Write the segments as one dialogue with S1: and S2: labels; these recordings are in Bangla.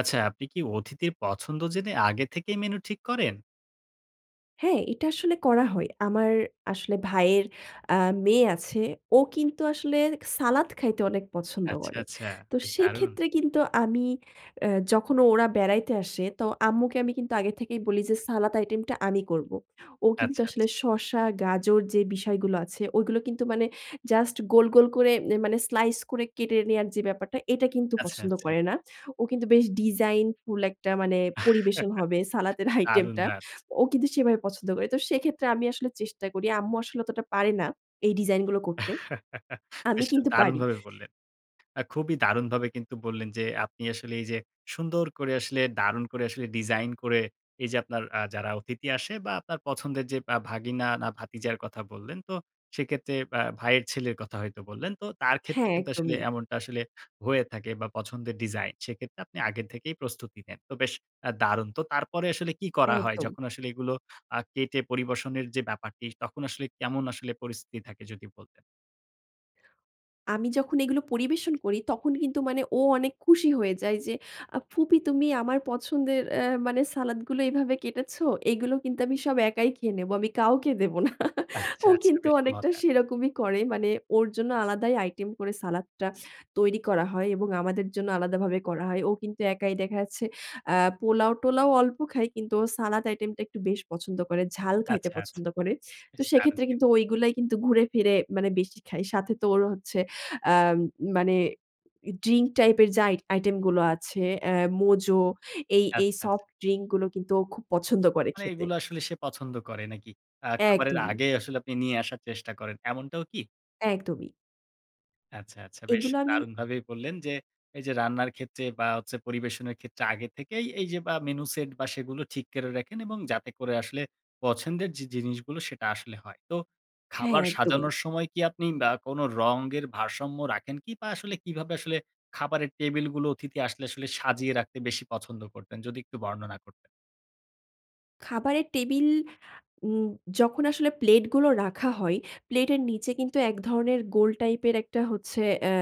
S1: আচ্ছা, আপনি কি অতিথির পছন্দ জেনে আগে থেকেই menu ঠিক করেন?
S2: হ্যাঁ, এটা আসলে করা হয়। আমার আসলে ভাইয়ের আ মেয়ে আছে। ও কিন্তু আসলে সালাদ খাইতে অনেক পছন্দ
S1: আচ্ছা,
S2: করে।
S1: আচ্ছা।
S2: তো
S1: বেশ দারুণ।
S2: সেক্ষেত্রে কিন্তু আমি এ যখন ওরা বেড়াইতে আসে তো আম্মুকে আমি কিন্তু আগে থেকেই বলি যে সালাদ আইটেমটা আমি করব। ও কিন্তু
S1: আচ্ছা, আচ্ছা।
S2: আসলে শসা, গাজর যে বিষয়গুলো আছে ওগুলো কিন্তু মানে just গোল, গোল করে এ মানে slice করে কেটে নেয়ার যে ব্যাপারটা এটা কিন্তু
S1: আচ্ছা,
S2: পছন্দ
S1: আচ্ছা।
S2: করে না। ও কিন্তু বেশ designful একটা মানে পরিবেশন হবে সালাতের
S1: দারুন
S2: আইটেমটা।
S1: দা
S2: ও কিন্তু সেভাবে পছন্দ করে। তো সেক্ষেত্রে আমি আসলে চেষ্টা করি। আম্মু আসলে অতটা পারে না এই design গুলো করতে। আমি
S1: বেশ
S2: কিন্তু পারি।
S1: দারুণভাবে বললেন। আ খুবই দারুণভাবে কিন্তু বললেন যে আপনি আসলে এই যে সুন্দর করে আসলে দারুণ করে আসলে design করে এই যে আপনার আ যারা অতিথি আসে বা আপনার পছন্দের যে আ ভাগিনা না ভাতিজার কথা বললেন তো সেক্ষেত্রে আ ভাইয়ের ছেলের কথা হয়তো বললেন। তো তার ক্ষেত্রে
S2: হ্যাঁ,
S1: কিন্তু আসলে
S2: একদমই।
S1: এমনটা আসলে হয়ে থাকে বা পছন্দের design সেক্ষেত্রে আপনি আগের থেকেই প্রস্তুতি নেন। তো বেশ দারুণ তো। তারপরে আসলে কি করা হয়?
S2: একদম।
S1: যখন আসলে এগুলো আ কেটে পরিবেশনের যে ব্যাপারটি তখন আসলে কেমন আসলে পরিস্থিতি থাকে যদি বলতেন?
S2: আমি যখন এগুলো পরিবেশন করি, তখন কিন্তু মানে ও অনেক খুশি হয়ে যায়। যে আ ফুপি তুমি আমার পছন্দের অ্যা মানে সালাদগুলো এভাবে কেটেছো। এগুলো কিন্তু আমি সব একাই খেয়ে নেব। আমি কাউকে দেব না।
S1: আচ্ছা,
S2: ও
S1: আচ্ছা।
S2: কিন্তু
S1: বেশ
S2: অনেকটা
S1: মজার!
S2: সেরকমই করে। মানে ওর জন্য আলাদাই আইটেম করে সালাদটা তৈরি করা হয় এবং আমাদের জন্য আলাদাভাবে করা হয়। ও কিন্তু একাই দেখা যাচ্ছে আ পোলাও-টোলাও অল্প খায়। কিন্তু ও সালাদ আইটেমটা একটু বেশ পছন্দ করে। ঝাল খাইতে
S1: আচ্ছা, আচ্ছা।
S2: পছন্দ করে। তো
S1: বেশ দারুণ
S2: সেক্ষেত্রে
S1: কিন্তু!
S2: কিন্তু ঐগুলাই কিন্তু ঘুরে ফিরে মানে বেশি খায়। সাথে তো ওর হচ্ছে আম মানে ড্রিঙ্ক টাইপের যে আই আইটেমগুলো আছে, আ Mojo এই এই
S1: আচ্ছা, আচ্ছা।
S2: সফট ড্রিঙ্কগুলো কিন্তু ও খুব পছন্দ করে
S1: মানে
S2: খেতে।
S1: এগুলা আসলে সে পছন্দ করে নাকি? আ খাবারের
S2: একদমই।
S1: আগে আসলে আপনি নিয়ে আসার চেষ্টা করেন, এমনটাও কি?
S2: একদমই।
S1: আচ্ছা, আচ্ছা। বেশ
S2: এগুলো আমি
S1: দারুণভাবেই বললেন, যে এইযে রান্নার ক্ষেত্রে বা হচ্ছে পরিবেশনের ক্ষেত্রে, আগে থেকেই এইযে আ মেনু সেট বা সেগুলো ঠিক করে রাখেন। এবং যাতে করে আসলে পছন্দের যে জিনিসগুলো সেটা আসলে হয়। তো
S2: হ্যাঁ,
S1: খাবার
S2: একদমই।
S1: সাজানোর সময় কি আপনি আ কোনো রঙের ভারসাম্য রাখেন কি? বা আসলে কিভাবে আসলে খাবারের টেবিলগুলো অতিথি আসলে আসলে সাজিয়ে রাখতে বেশি পছন্দ করতেন? যদি একটু বর্ণনা কর
S2: খাবারের টেবিল উম যখন আসলে প্লেট গুলো রাখা হয়, প্লেটের নিচে কিন্তু এক ধরনের গোল টাইপ এর একটা হচ্ছে অ্যা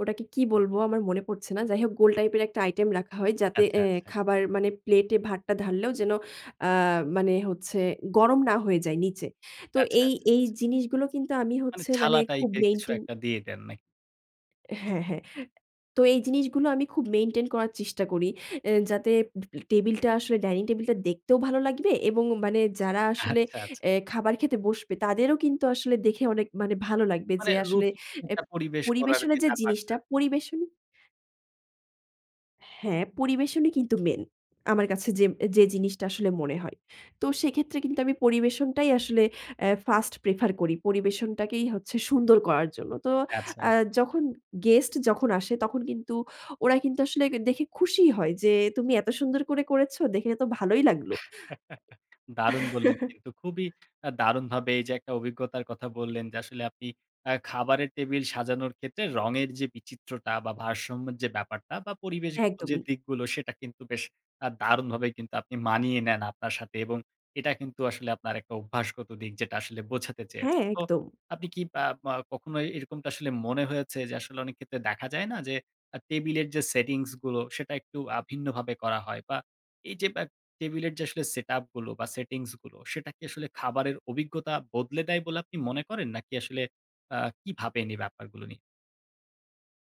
S2: ওটাকে কি বলবো? আমার মনে পড়ছে না। যাইহোক গোল টাইপ এর একটা আইটেম রাখা হয়। যাতে
S1: আচ্ছা,
S2: অ্যা
S1: আচ্ছা।
S2: খাবার মানে প্লেটে ভাতটা ঢাললেও যেন আ মানে হচ্ছে গরম না হয়ে যায় নিচে। তো
S1: আচ্ছা,
S2: এই
S1: আচ্ছা,
S2: এই
S1: আচ্ছা।
S2: জিনিসগুলো কিন্তু আমি
S1: মানে
S2: হচ্ছে মানে
S1: ছালা টাইপ
S2: খুব
S1: এর কিছু
S2: মেইনটেন
S1: একটা দিয়ে দেন, না
S2: হ্যাঁ, হ্যাঁ। তো এই জিনিসগুলো আমি খুব মেইনটেইন করার চেষ্টা করি। অ্যা যাতে টেবিলটা আসলে ডাইনিং টেবিলটা দেখতেও ভালো লাগবে এবং মানে যারা আসলে
S1: আচ্ছা, আচ্ছা।
S2: অ্যা খাবার খেতে বসবে তাদেরও কিন্তু আসলে দেখে অনেক মানে ভালো লাগবে।
S1: মানে
S2: যে আসলে
S1: রুচি [unintelligible]
S2: অ্যা
S1: একটা পরিবেশ করার
S2: পরিবেশনের
S1: যে
S2: যে
S1: ব্যাপারটা।
S2: জিনিসটা পরিবেশন হ্যাঁ, পরিবেশনই কিন্তু মেইন। আমার কাছে যে যে জিনিসটা আসলে মনে হয়। তো সেক্ষেত্রে কিন্তু আমি পরিবেশনটাই আসলে এ ফার্স্ট প্রেফার করি। পরিবেশনটাকেই হচ্ছে সুন্দর করার জন্য। তো
S1: আচ্ছা,
S2: আ
S1: আচ্ছা।
S2: যখন গেস্ট যখন আসে তখন কিন্তু ওরা কিন্তু আসলে দেখে খুশি হয় যে "তুমি এত সুন্দর করে করেছ, দেখলে তো ভালোই লাগলো।"
S1: দারুণ বললেন কিন্তু খুবই আ দারুণভাবে এই যে একটা অভিজ্ঞতার কথা বললেন যে আসলে আপনি আ খাবারের টেবিল সাজানোর ক্ষেত্রে রঙের যে বিচিত্রতা বা ভারসাম্যের যে ব্যাপারটা বা পরিবেশগত যে
S2: একদমই।
S1: দিকগুলো সেটা কিন্তু বেশ আ দারুণভাবে কিন্তু আপনি মানিয়ে নেন আপনার সাথে এবং এটা কিন্তু আসলে আপনার একটা অভ্যাসগত দিক যেটা আসলে বোঝাতে
S2: হ্যাঁ,
S1: চেয়েছেন। তো
S2: একদম।
S1: আপনি কি আপ আ কখনো এরকমটা আসলে মনে হয়েছে যে আসলে অনেক ক্ষেত্রে দেখা যায় না যে, আ টেবিলের যে সেটিংস গুলো সেটা একটু আ ভিন্নভাবে করা হয়। বা এই যে আ টেবিলের যে আসলে সেটআপ গুলো বা সেটিংস গুলো সেটা কি আসলে খাবারের অভিজ্ঞতা বদলে দেয় বলে আপনি মনে করেন? নাকি আসলে আ কি ভাবেন এই ব্যাপারগুলো নিয়ে?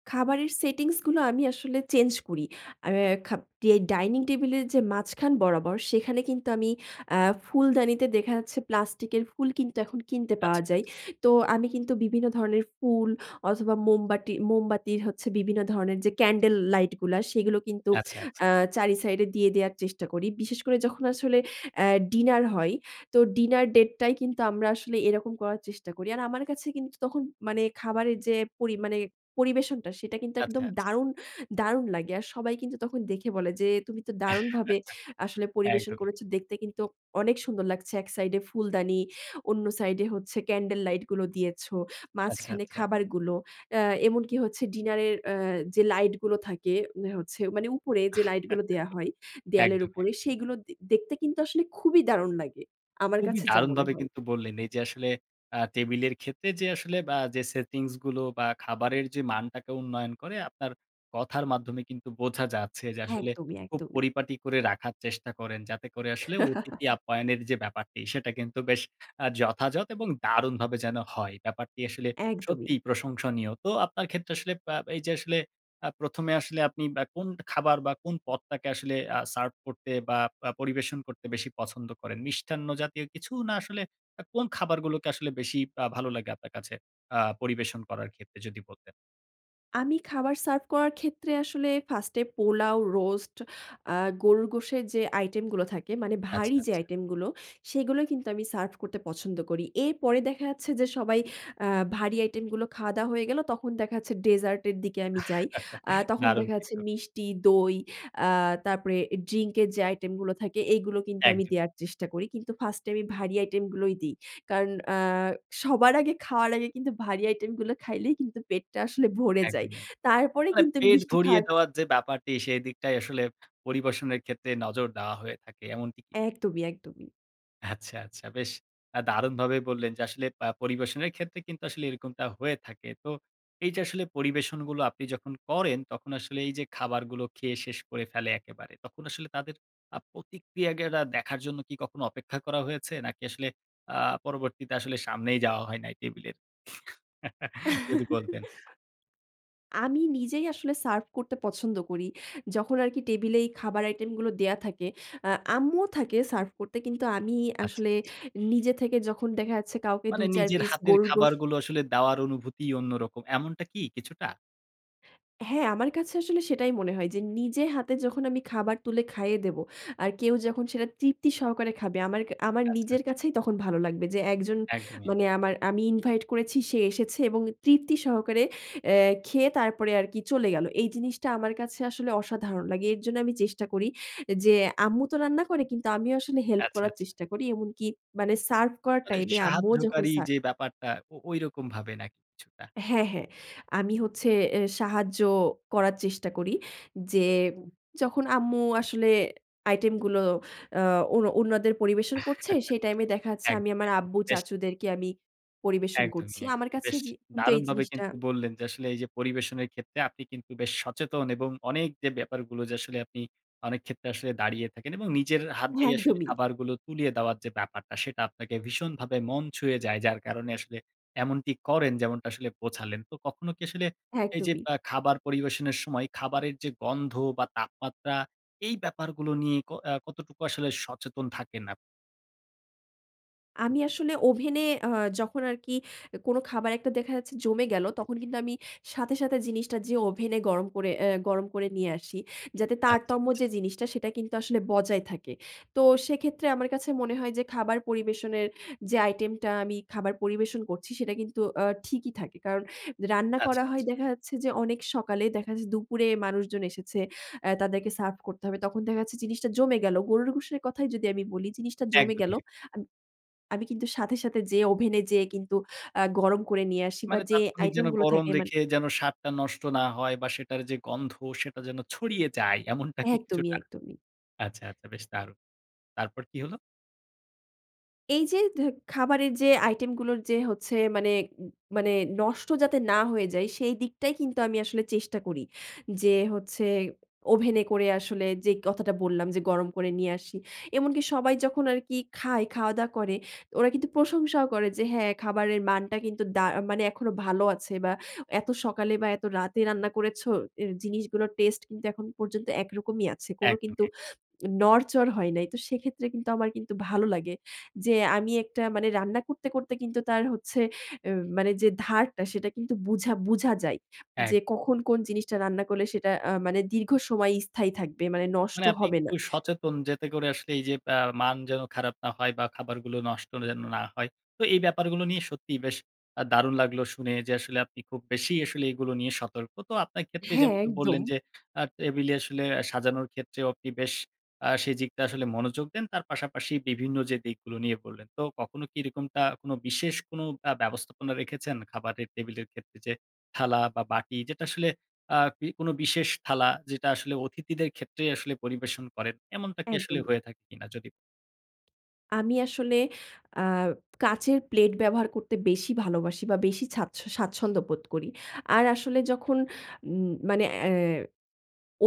S2: খাবারের সেটিংস গুলো আমি আসলে চেঞ্জ করি। আর খাব ডিআই ডাইনিং টেবিল এর যে মাঝখান বরাবর সেখানে কিন্তু আমি আ ফুলদানিতে দেখা যাচ্ছে প্লাস্টিকের ফুল কিন্তু এখন কিনতে পাওয়া
S1: আচ্ছা,
S2: যায়।
S1: আচ্ছা।
S2: তো আমি কিন্তু বিভিন্ন ধরনের ফুল অথবা মোমবাটি মোমবাতির হচ্ছে বিভিন্ন ধরণের যে ক্যান্ডেল লাইট গুলা। সেগুলো কিন্তু
S1: আচ্ছা, আচ্ছা।
S2: আ চারই সাইডে দিয়ে দেয়ার চেষ্টা করি। বিশেষ করে যখন আসলে অ্যা ডিনার হয়। তো ডিনার ডেটটাই কিন্তু আমরা আসলে এরকম করার চেষ্টা করি। আর আমার কাছে কিন্তু তখন মানে খাবারের যে পরি মানে পরিবেশনটা সেটা কিন্তু একদম
S1: আচ্ছা, আচ্ছা।
S2: দারুণ দারুণ লাগে। আর সবাই কিন্তু তখন দেখে বলে যে, "তুমি তো দারুণভাবে আসলে পরিবেশন
S1: একদমই।
S2: করেছ। দেখতে কিন্তু অনেক সুন্দর লাগছে। এক সাইড এ ফুলদানি, অন্য সাইডে হচ্ছে ক্যান্ডেল লাইট গুলো দিয়েছ।
S1: আচ্ছা,
S2: মাঝখানে
S1: আচ্ছা।
S2: খাবারগুলো।" আ এমনকি হচ্ছে ডিনার এর অ্যা যে লাইট গুলো থাকে। ওই হচ্ছে মানে উপরে যে লাইট গুলো দেয়া হয়, দেয়ালের
S1: একদম,
S2: উপরে
S1: একদম।
S2: সেগুলো দে দেখতে কিন্তু আসলে খুবই দারুণ লাগে। আমার
S1: খুবই
S2: কাছে যা মনে
S1: দারুণভাবে
S2: হয়।
S1: কিন্তু বললেন। এই যে আসলে আ টেবিলের ক্ষেত্রে যে আসলে আ যে সেটিংস গুলো। বা খাবারের যে মানটাকে উন্নয়ন করে, আপনার কথার মাধ্যমে কিন্তু বোঝা যাচ্ছে যে, আসলে
S2: একদমই,
S1: খুব
S2: একদমই।
S1: পরিপাটি করে রাখার চেষ্টা করেন। যাতে করে আসলে অতিথি আপ্যায়নের যে ব্যাপারটি, সেটা কিন্তু বেশ অ্যা যথাযথ এবং দারুণভাবে যেন হয়। ব্যাপারটি আসলে
S2: একদমই।
S1: সত্যিই প্রশংসনীয়। তো আপনার ক্ষেত্রে আসলে অ্যা এই যে আসলে অ্যা ১ম এ আসলে আপনি বা কোন খাবার বা কোন পদটাকে আসলে আ সার্ভ করতে বা আ পরিবেশন করতে বেশি পছন্দ করেন। মিষ্টান্ন জাতীয় কিছু? না আসলে আ কোন খাবারগুলোকে আসলে বেশি আ ভালো লাগে আপনার কাছে আ পরিবেশন করার ক্ষেত্রে যদি বলতেন?
S2: আমি খাবার সার্ভ করার ক্ষেত্রে, আসলে 1st এ পোলাও, রোস্ট, আ গরুর গোশের যে আইটেম গুলো থাকে, মানে
S1: আচ্ছা,
S2: ভারী যে
S1: আচ্ছা।
S2: আইটেম গুলো, সেগুলোই কিন্তু আমি সার্ভ করতে পছন্দ করি। এরপরে দেখা যাচ্ছে, যে সবাই আ ভারী আইটেম গুলো খাওয়া-দাওয়া হয়ে গেলো, তখন দেখা যাচ্ছে, ডেজার্ট এর দিকে আমি যাই। আ তখন
S1: দারুণ
S2: দেখা যাচ্ছে
S1: কিন্তু।
S2: মিষ্টি, দই, আ তারপরে ড্রিঙ্ক এর যে আইটেম গুলো থাকে, এগুলো কিন্তু আমি
S1: একদমই।
S2: দেয়ার চেষ্টা করি। কিন্তু ফার্স্টে আমি ভারী আইটেম গুলোই দিই। কারণ আ সবার আগে, খাওয়ার আগে, কিন্তু ভারী আইটেমগুলো খাইলেই কিন্তু পেটটা আসলে ভরে যায়।
S1: একদমই। অ্যা
S2: তারপরে
S1: মানে
S2: কিন্তু
S1: পেট
S2: মিষ্টি
S1: ভরিয়ে
S2: খার
S1: দেওয়ার যে ব্যাপারটি, সেদিকটাই আসলে পরিবেশনের ক্ষেত্রে নজর দেওয়া হয়ে থাকে, এমনটি কি?
S2: একদমই, একদমই।
S1: আচ্ছা, আচ্ছা বেশ আ দারুণভাবে বললেন, যে আসলে আ পরিবেশনের ক্ষেত্রে কিন্তু আসলে এরকমটা হয়ে থাকে। তো, এই যে আসলে পরিবেশনগুলো আপনি যখন করেন, তখন আসলে এই যে খাবারগুলো খেয়ে শেষ করে ফেলে একেবারে। তখন আসলে তাদের আ প্রতিক্রিয়া গুলো দেখার জন্য কি কখনো অপেক্ষা করা হয়েছে? নাকি আসলে আ পরবর্তীতে, আসলে সামনেই যাওয়া হয় নাই টেবিলের? যদি বলতেন।
S2: আমি নিজেই আসলে সার্ভ করতে পছন্দ করি। যখন আরকি, টেবিলে এই খাবার আইটেম গুলো দেওয়া থাকে। আ আম্মুও থাকে সার্ভ করতে কিন্তু আমি
S1: আচ্ছা,
S2: আসলে
S1: আচ্ছা।
S2: নিজে থেকে যখন দেখা যাচ্ছে, কাউকে
S1: মানে
S2: ২-৪
S1: নিজের
S2: পিস
S1: হাতের
S2: গরুর গোশ
S1: খাবারগুলো আসলে দেওয়ার অনুভূতিই অন্যরকম। এমনটা কি কিছুটা?
S2: হ্যাঁ। আমার কাছে আসলে সেটাই মনে হয় যে নিজের হাতে যখন আমি খাবার তুলে খাইয়ে দেবো, আর কেউ যখন সেটা তৃপ্তি সহকারে খাবে আমার ক আমার
S1: আচ্ছা,
S2: নিজের
S1: আচ্ছা।
S2: কাছেই তখন ভালো লাগবে। যে একজন
S1: একদমই। অ্যা
S2: মানে আমার আমি ইনভাইট করেছি, সে এসেছে এবং তৃপ্তি সহকারে এ খেয়ে তারপরে আরকি চলে গেলো। এই জিনিসটা আমার কাছে আসলে অসাধারণ লাগে। এর জন্যে আমি চেষ্টা করি এ যে আম্মু তো রান্না করে কিন্তু আমিও আসলে হেল্প
S1: আচ্ছা,
S2: করার
S1: আচ্ছা।
S2: চেষ্টা করি। এমনকি মানে সার্ভ করার
S1: মানে
S2: টাইমে আম্মুও যখন
S1: সাহায্যকারী
S2: সা
S1: যে ব্যাপারটা ও ওইরকমভাবে নাকি কিছুটা?
S2: হ্যাঁ, হ্যাঁ আমি হচ্ছে এ সাহায্য করার চেষ্টা করি যে যখন আম্মু আসলে আইটেমগুলো আ ও অন্য অন্যদের পরিবেশন করছে সেই টাইমে দেখা যাচ্ছে আমি
S1: একদমই,
S2: আমার আব্বু,
S1: একদমই। বেশ।
S2: চাচুদেরকে আমি পরিবেশন
S1: একদমই,
S2: করছি।
S1: এক
S2: আমার কাছে
S1: বেশ
S2: জি কিন্তু এই
S1: দারুণভাবে
S2: জিনিসটা
S1: কিন্তু বললেন যে আসলে এই যে পরিবেশনের ক্ষেত্রে আপনি কিন্তু বেশ সচেতন এবং অনেক যে ব্যাপারগুলো যে আসলে আপনি অনেক ক্ষেত্রে আসলে দাঁড়িয়ে থাকেন এবং নিজের এ হাত দিয়ে আসলে
S2: একদমই।
S1: খাবারগুলো তুলিয়ে দেওয়ার যে ব্যাপারটা সেটা আপনাকে ভীষণভাবে মন ছুঁয়ে যায়। যার কারণে আসলে এমনটি করেন যেমনটা আসলে বোঝালেন। তো কখনো কি আসলে এই যে
S2: একদমই।
S1: আ খাবার পরিবেশনের সময় খাবারের যে গন্ধ বা তাপমাত্রা এই ব্যাপারগুলো নিয়ে ক আ কতটুকু আসলে সচেতন থাকেন আপ
S2: আমি আসলে ওভেনে আ যখন আরকি, কোনো খাবার একটা দেখা যাচ্ছে জমে গেলো, তখন কিন্তু আমি সাথে, সাথে জিনিসটা যেয়ে ওভেনে গরম করে, অ্যা গরম করে নিয়ে আসি। যাতে
S1: আচ্ছা,
S2: তারতম্য
S1: আচ্ছা।
S2: যে জিনিসটা, সেটা কিন্তু আসলে বজায় থাকে। তো সেক্ষেত্রে আমার কাছে মনে হয় যে খাবার পরিবেশনের যে আইটেমটা আমি খাবার পরিবেশন করছি, সেটা কিন্তু আ ঠিকই থাকে। কারণ রান্না
S1: আচ্ছা,
S2: করা হয়
S1: আচ্ছা।
S2: দেখা যাচ্ছে যে অনেক সকালে। দেখা যাচ্ছে দুপুরে মানুষজন এসেছে। অ্যা তাদেরকে সার্ভ করতে হবে। তখন দেখা যাচ্ছে জিনিসটা জমে গেল। গরুর গোশের কথাই যদি আমি বলি, জিনিসটা জমে গেলো।
S1: একদমই।
S2: আমি কিন্তু সাথে সাথে যেয়ে, ওভেনে যেয়ে কিন্তু অ্যা গরম করে নিয়ে আসি বা
S1: মানে
S2: যে
S1: তাৎক্ষণিক
S2: আইটেম
S1: যেন
S2: গুলো
S1: গরম
S2: থাকে মানে
S1: রেখে, যেন স্বাদটা নষ্ট না হয় বা সেটার যে গন্ধ সেটা যেন ছড়িয়ে যায়। এমনটা কি
S2: একদমই,
S1: কিছুটা?
S2: একদমই।
S1: আচ্ছা, আচ্ছা বেশ দারুন। তারপর কি হলো?
S2: এই যে ধ্য খাবারের যে আইটেম গুলোর যে হচ্ছে, মানে মানে নষ্ট যাতে না হয়ে যায়, সেই দিকটাই কিন্তু আমি আসলে চেষ্টা করি। যে হচ্ছে ওভেনে করে আসলে যে কথাটা বললাম, যে গরম করে নিয়ে আসি। এমনকি সবাই যখন আরকি খায়, খাওয়া দাওয়া করে ওরা কিন্তু প্রশংসাও করে, যে হ্যাঁ, খাবারের মানটা কিন্তু দা মানে এখনো ভালো আছে বা এত সকালে বা এত রাতে রান্না করেছ, এ জিনিসগুলোর টেস্ট কিন্তু এখন পর্যন্ত একরকমই আছে। কোন
S1: একদমই,
S2: কিন্তু
S1: এক
S2: নড়চড় হয় নাই। তো সেক্ষেত্রে কিন্তু আমার কিন্তু ভালো লাগে। যে আমি একটা মানে রান্না করতে করতে কিন্তু তার হচ্ছে, এ মানে যে ধারটা সেটা কিন্তু বুঝা বুঝা যায়।
S1: এক
S2: যে কখন কোন জিনিসটা রান্না করলে, সেটা আ মানে দীর্ঘ সময় স্থায়ী থাকবে। মানে নষ্ট
S1: মানে আপনি
S2: হবে
S1: একটু
S2: না।
S1: সচেতন। যেতে করে আসলে এই যে আ মান যেন খারাপ না হয় বা খাবারগুলো নষ্ট যেন না হয়। তো এই ব্যাপারগুলো নিয়ে সত্যিই বেশ আ দারুণ লাগলো শুনে। যে আসলে আপনি খুব বেশি আসলে এগুলো নিয়ে সতর্ক। তো আপনার ক্ষেত্রে
S2: হ্যাঁ,
S1: যেমনটি বললেন,
S2: একদম।
S1: যে আ টেবিলে আসলে সাজানোর ক্ষেত্রে আপনিও বেশ, আ সেদিকটা আসলে মনোযোগ দেন। তার পাশাপাশি বিভিন্ন যে দিকগুলো নিয়ে বললেন। তো কখনো কি এরকমটা কোনো বিশেষ কোনো আ ব্যবস্থাপনা রেখেছেন খাবারের টেবিলের ক্ষেত্রে? যে থালা বা বাটি যেটা আসলে, আ বি কোন বিশেষ থালা, যেটা আসলে অতিথিদের ক্ষেত্রেই আসলে পরিবেশন করেন। এমনটা কি আসলে
S2: একদমই।
S1: হয়ে থাকে কিনা? যদি
S2: আমি আসলে অ্যা কাঁচের প্লেট ব্যবহার করতে বেশি ভালোবাসি, বা বেশি স্বাচ্ছ স্বাচ্ছন্দ্য বোধ করি। আর আসলে যখন উম মানে অ্যা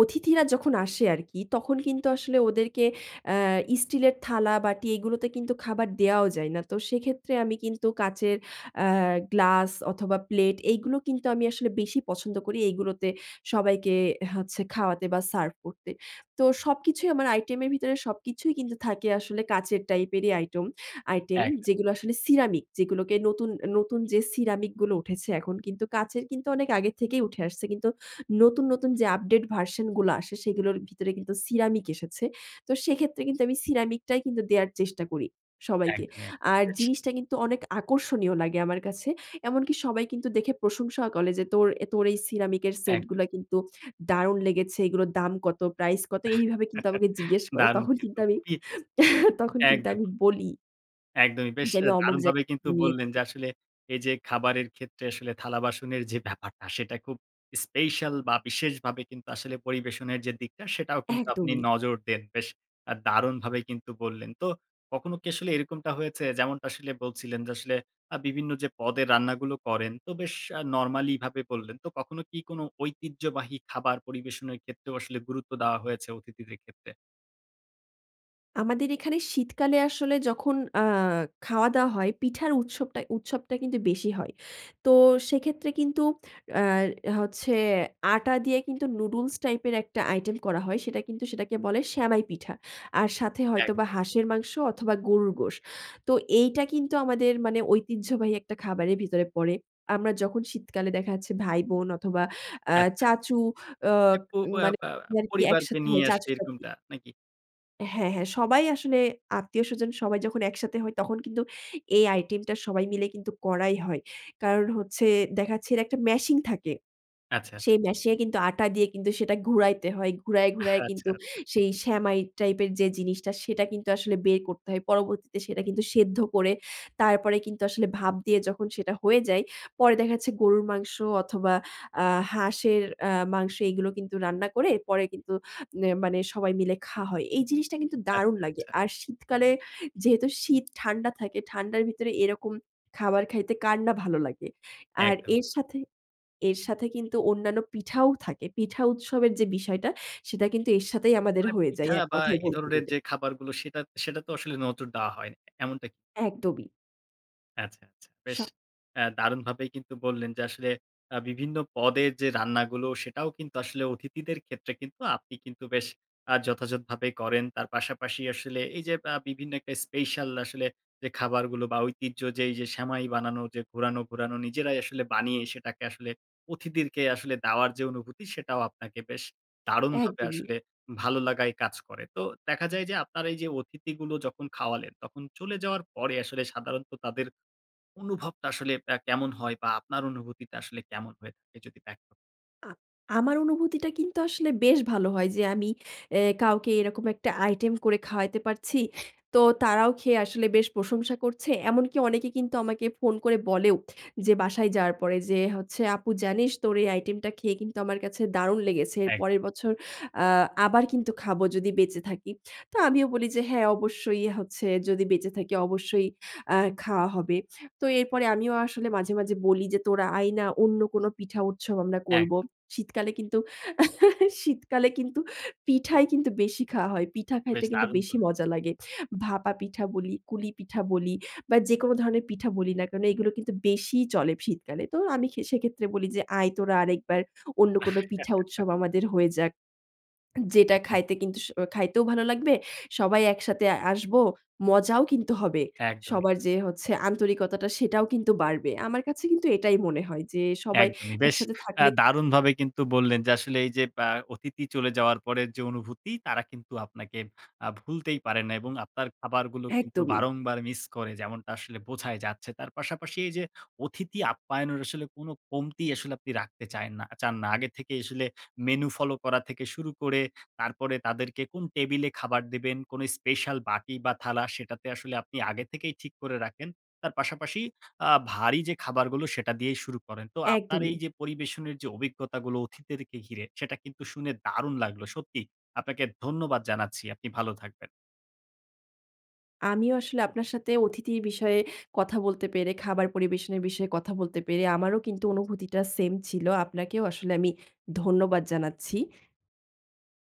S2: অতিথিরা যখন আসে আরকি। তখন কিন্তু আসলে ওদেরকে অ্যা স্টিলের থালা বাটি এগুলোতে কিন্তু খাবার দেওয়াও যায় না। তো সেক্ষেত্রে আমি কিন্তু কাঁচের অ্যা গ্লাস অথবা, প্লেট এগুলো কিন্তু আমি আসলে বেশি পছন্দ করি, এগুলোতে সবাইকে হচ্ছে খাওয়াতে বা সার্ভ করতে। তো সবকিছুই আমার আইটেমের ভিতরে সবকিছুই কিন্তু থাকে আসলে কাঁচের টাইপেরই আইটেম আইটেম।
S1: একদম।
S2: যেগুলো আসলে সিরামিক, যেগুলোকে নতুন নতুন যে সিরামিক গুলো উঠেছে এখন। কিন্তু কাঁচের কিন্তু অনেক আগে থেকেই উঠে আসছে। কিন্তু নতুন, নতুন যে আপডেট ভার্শন গুলো আসে, সেগুলোর ভিতরে কিন্তু সিরামিক এসেছে। তো সেক্ষেত্রে কিন্তু আমি সিরামিকটাই কিন্তু দেওয়ার চেষ্টা করি সবাইকে।
S1: একদমই,
S2: আর
S1: একদমই [unintelligible]
S2: জিনিসটা কিন্তু অনেক আকর্ষণীয় লাগে আমার কাছে। এমনকি সবাই কিন্তু দেখে প্রশংসাও করে যে তোর তোর এই সিরামিকের
S1: একদমই।
S2: সেটগুলা কিন্তু দারুন লেগেছে। এগুলোর দাম কত? প্রাইস কত? এইভাবে কিন্তু আমাকে জিজ্ঞেস করে।
S1: দারুন
S2: তখন কিন্তু
S1: কিন্তু
S2: আমি,
S1: খুবই।
S2: তখন কিন্তু আমি
S1: একদমই।
S2: বলি।
S1: একদমই বেশ
S2: যে
S1: আ
S2: আমি অমুক
S1: দারুণভাবে
S2: জায়গায়
S1: কিন্তু
S2: থেকে
S1: বললেন
S2: নিয়েছি।
S1: যে আসলে, এই যে খাবারের ক্ষেত্রে আসলে থালাবাসনের যে ব্যাপারটা সেটা খুব স্পেশাল, বা বিশেষভাবে কিন্তু আসলে পরিবেশনের যে দিকটা সেটাও কিন্তু আপনি
S2: একদমই।
S1: নজর দেন। বেশ আ দারুণভাবে কিন্তু বললেন। তো কখনো কি আসলে এরকমটা হয়েছে? যেমনটা আসলে বলছিলেন, যে আসলে আ বিভিন্ন যে পদের রান্নাগুলো করেন তো বেশ আ নরমালি ভাবে বললেন। তো কখনো কি কোন ঐতিহ্যবাহী খাবার পরিবেশনের ক্ষেত্রেও আসলে গুরুত্ব দেওয়া হয়েছে? অতিথিদের ক্ষেত্রে?
S2: আমাদের এখানে শীতকালে আসলে যখন আ খাওয়া-দাওয়া হয় পিঠার উৎসবটায় উৎসবটা কিন্তু বেশি হয়। তো সেক্ষেত্রে কিন্তু আর হচ্ছে আটা দিয়ে কিন্তু নুডলস টাইপের একটা আইটেম করা হয় সেটা কিন্তু সেটাকে বলে সেমাই পিঠা। আর সাথে
S1: এক
S2: হয়তোবা হাঁসের মাংস অথবা গরুর গোশ। তো এইটা কিন্তু আমাদের মানে ঐতিহ্যবাহী একটা খাবারের ভিতরে পড়ে। আমরা যখন শীতকালে দেখা যাচ্ছে ভাই-বোন অথবা আ
S1: আচ্ছা
S2: চাচু অ
S1: মানে পো অ্যা
S2: মানে
S1: আ
S2: [unintelligible]
S1: পরিবারকে
S2: একসাথে
S1: নিয়ে
S2: হয়
S1: আসলে
S2: চাচু-চাচী।
S1: এরকমটা নাকি?
S2: হ্যাঁ, হ্যাঁ সবাই আসলে আত্মীয়স্বজন সবাই যখন একসাথে হই তখন কিন্তু এই আইটেমটা সবাই মিলে কিন্তু করাই হয়। কারণ হচ্ছে দেখা যাচ্ছে এর একটা মেশিন থাকে।
S1: আচ্ছা, আচ্ছা।
S2: সেই মেশিন এ কিন্তু আটা দিয়ে কিন্তু সেটা ঘুরাইতে হয়। ঘুরায়, ঘুরায়
S1: আচ্ছা,
S2: কিন্তু
S1: আচ্ছা।
S2: সেই সেমাই টাইপের যে জিনিসটা সেটা কিন্তু আসলে বের করতে হয়। পরবর্তীতে সেটা কিন্তু সেদ্ধ করে তারপরে কিন্তু আসলে ভাব দিয়ে যখন সেটা হয়ে যায় পরে দেখা যাচ্ছে গরুর মাংস অথবা আ হাঁসের আ মাংস এগুলো কিন্তু রান্না করে পরে কিন্তু ইয়ে মানে সবাই মিলে খাওয়া হয়। এই জিনিসটা কিন্তু দারুণ
S1: আচ্ছা,
S2: লাগে।
S1: আচ্ছা।
S2: আর শীতকালে যেহেতু শীত ঠান্ডা থাকে ঠান্ডার ভিতরে এরকম খাবার খাইতে কার না ভালো লাগে। আর
S1: একদমই।
S2: এর সাথে এর সাথে কিন্তু অন্যান্য পিঠাও থাকে। পিঠা উৎসবের যে বিষয়টা সেটা কিন্তু এর সাথেই আমাদের
S1: মানে
S2: হয়ে যায়
S1: পিঠা
S2: এক
S1: বা
S2: কথায়
S1: এ
S2: বলতে
S1: ধরনের
S2: গেলে।
S1: যে খাবারগুলো সেটা সেটাতে আসলে নজর দেওয়া হয় এমনটা কি?
S2: একদমই।
S1: আচ্ছা, আচ্ছা। বেশ
S2: স
S1: অ্যা দারুণভাবেই কিন্তু বললেন যে আসলে আ বিভিন্ন পদের যে রান্নাগুলো সেটাও কিন্তু আসলে অতিথিদের ক্ষেত্রে কিন্তু আপনি কিন্তু বেশ আ যথাযথভাবেই করেন। তার পাশাপাশি আসলে এই যে আ বিভিন্ন একটা স্পেশাল আসলে যে খাবার গুলো বা ঐতিহ্য যে এইযে সেমাই বানানো যে ঘোরানো, ঘোরানো নিজেরাই আসলে বানিয়ে সেটাকে আসলে অতিথিদেরকে আসলে দেওয়ার যে অনুভূতি, সেটাও আপনাকে বেশ দারুণভাবে
S2: একদমই।
S1: আসলে ভালো লাগাই কাজ করে। তো দেখা যায় যে আপনার এই যে অতিথিগুলো যখন খাওয়ালেন, তখন চলে যাওয়ার পরে আসলে সাধারণত তাদের অনুভবটা আসলে অ্যা কেমন হয়? বা আপনার অনুভূতিটা আসলে কেমন হয়ে থাকে? যদি ব্যক্ত
S2: আ আমার অনুভূতিটা কিন্তু আসলে বেশ ভালো হয় যে আমি এ কাউকে এইরকম একটা আইটেম করে খাওয়াইতে পারছি। তো তারাও খেয়ে আসলে বেশ প্রশংসা করছে। এমনকি অনেকে কিন্তু আমাকে ফোন করে বলেও যে বাসায় যাওয়ার পরে যে হচ্ছে, "আপু জানিস তোর এই আইটেমটা খেয়ে কিন্তু আমার কাছে দারুণ লেগেছে। এর
S1: এক
S2: পরের বছর আ আবার কিন্তু খাবো যদি বেঁচে থাকি।" তো আমিও বলি যে "হ্যাঁ অবশ্যই হচ্ছে যদি বেঁচে থাকি অবশ্যই অ্যা খাওয়া হবে।" তো এরপরে আমিও আসলে মাঝে, মাঝে বলি যে "তোরা আয় না। অন্য কোন পিঠা উৎসব আমরা
S1: এক
S2: করব।" শীতকালে কিন্তু শীতকালে কিন্তু পিঠাই কিন্তু বেশি খাওয়া হয়। পিঠা খাইতে
S1: বেশ
S2: কিন্তু
S1: দারুন
S2: বেশি
S1: বললেন।
S2: মজা লাগে। ভাপা পিঠা বলি, কুলি পিঠা বলি বা যেকোনো ধরনের পিঠা বলি না কেনো, এইগুলো কিন্তু বেশিই চলে শীতকালে। তো আমি খে সেক্ষেত্রে বলি যে "আয় তোরা আরেকবার। অন্য কোন পিঠা উৎসব আমাদের হয়ে যাক। যেটা
S1: একদম।
S2: খাইতে কিন্তু স খাইতেও ভালো লাগবে। সবাই একসাথে আসব, মজাও কিন্তু হবে।
S1: একদমই।
S2: সবার যে হচ্ছে আন্তরিকতাটা সেটাও কিন্তু বাড়বে।" আমার কাছে কিন্তু এটাই মনে হয় যে সবাই
S1: একদমই। বেশ
S2: একসাথে
S1: অ্যা
S2: থাকলে
S1: দারুণভাবে কিন্তু বললেন যে আসলে এই যে অ্যা অতিথি চলে যাওয়ার পরের যে অনুভূতি তারা কিন্তু আপনাকে আ ভুলতেই পারে না। এবং আপনার খাবারগুলো কিন্তু
S2: একদমই।
S1: বারংবার মিস করে যেমনটা আসলে বোঝাই যাচ্ছে। তার পাশাপাশি এই যে অতিথি আপ্যায়নের আসলে কোন কমতি আসলে আপনি রাখতে চায়েননা চান না। আগে থেকেই আসলে মেনু ফলো থেকে শুরু করে তারপরে তাদেরকে কোন টেবিলে খাবার দিবেন, কোনো স্পেশাল বাটি বা থালা সেটাতে আসলে আপনি আগে থেকেই ঠিক করে রাখেন। তার পাশাপাশি আ ভারী যে খাবারগুলো সেটা দিয়েই শুরু করেন। তো আপনার এই
S2: একদমই।
S1: যে পরিবেশনের যে অভিজ্ঞতাগুলো অতিথিদেরকে ঘিরে, সেটা কিন্তু শুনে দারুণ লাগলো। সত্যিই আপনাকে ধন্যবাদ জানাচ্ছি। আপনি ভালো থাকবেন।
S2: আমিও আসলে আপনার সাথে অতিথির বিষয়ে কথা বলতে পেরে, খাবার পরিবেশনের বিষয়ে কথা বলতে পেরে আমারও কিন্তু অনুভূতিটা সেম ছিল। আপনাকেও আসলে আমি ধন্যবাদ জানাচ্ছি।